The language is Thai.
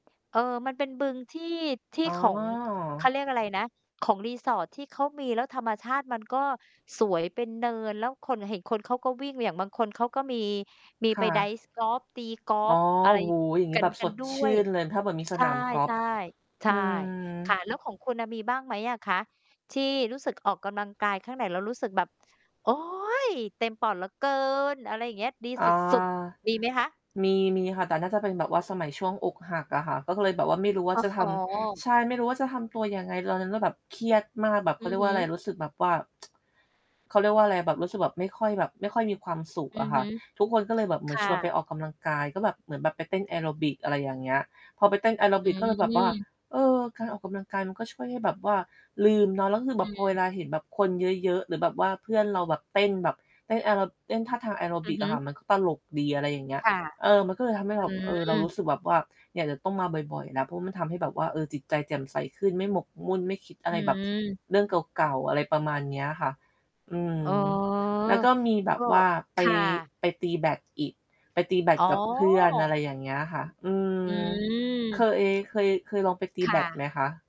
เอ่อ มันเป็นบึงที่ ทอี่๋ของ เขาอ เรียกอะไรนะ ของรีสอร์ทที่เขามี แล้วธรรมชาติมันก็สวยเป็นเนิน แล้วคน เห็นคนเขาก็วิ่ง อย่างบางคนเขาก็มี มีคไ่ปไดระ ์ฟกอล์ฟ ตีกออล๋์อ ฟอะโอไ้รโฮ อย่างนี้กัแบน บกสันดด้ชืว่ย นเลย ถ้าแบบมีสใช่ นามกอล์ใชฟ ่ ใชอื่ ม ค่ะ แล้วของคุณน่ะ มีบ้างไหมอะคะ ที่รู้สึกออกกำลังกายข้างในแล้วรู้สึกแบบ โอ๊ย! เต็มปอดเหลือเกิน อะไรอย่างเงี้ย ดีอสา ุด ๆ มีไหมคะ? มี มีค่ะ แต่น่าจะเป็นแบบว่าสมัยช่วงอกหักอะค่ะ ก็เลยแบบว่าไม่รู้ว่โาอ้จะโฮ! ทำ ใช่ ไม่รู้ว่าจะทำตัวยังไงตอนนั้น ก็แบบเครียดมากแบบ เอขืาเรอียกฮว่าึ อะไร รู้สึกแบบว่า เขาเรียกว่าอะไรอะ แบบรู้สึกแบบไม่ค่อยแบบ ไม่ค่อยมีความสุขอือะอคฮ่ะ ึ ทุกคนก็เลยแบบเหมืคอน่ชะ วนไปออกกำลังกาย ก็แบบ เหมือนแบบไปเต้นแอโรบิก อะไรอย่างเงี้ย พอไปเต้นแอโรอืบิก ก็เลยแบบว่า ม เอ๋อ การออกกำลังกายมันก็ช่วยให้แบบว่าลืมเนาะ แล้วคือแบอืบพอเวม ลาเห็นแบบคนเยอะ ๆ หรือแบบว่าเพื่อนเราแบบเต้นแบบเต้นแอโร เต้นท่าทางแอโรอบืิอกฮอึ ะค่ะ มันก็ตลกดี อะไรอย่างเงี้คย ่ะ เออ มันก็เลยทำให้อเืรา ม เออ เรารู้สึกแบบว่า เนี่ยเดี๋ยวต้องมาบ่อย ๆ แล้ว เพราะมันทำให้แบบว่า เออ จิตใจแจ่มใสขึ้นไม่หมกมุ่นไม่คิดออะไรแบบ ืม เรื่องเก่า ๆ อะไรประมาณเนี้ยอะค่ะ อืม อ๋อ แล้วก็มีแบก็ บว่าไคป ่ะ ไปตีแบดอีก ไปตีแบดอ๋อ กับเพื่อน อะไรอย่างเงี้ยค่ะ อืม อเคืม ย เคย เคยลองไปตีคแบ่ดไะ หมคะ?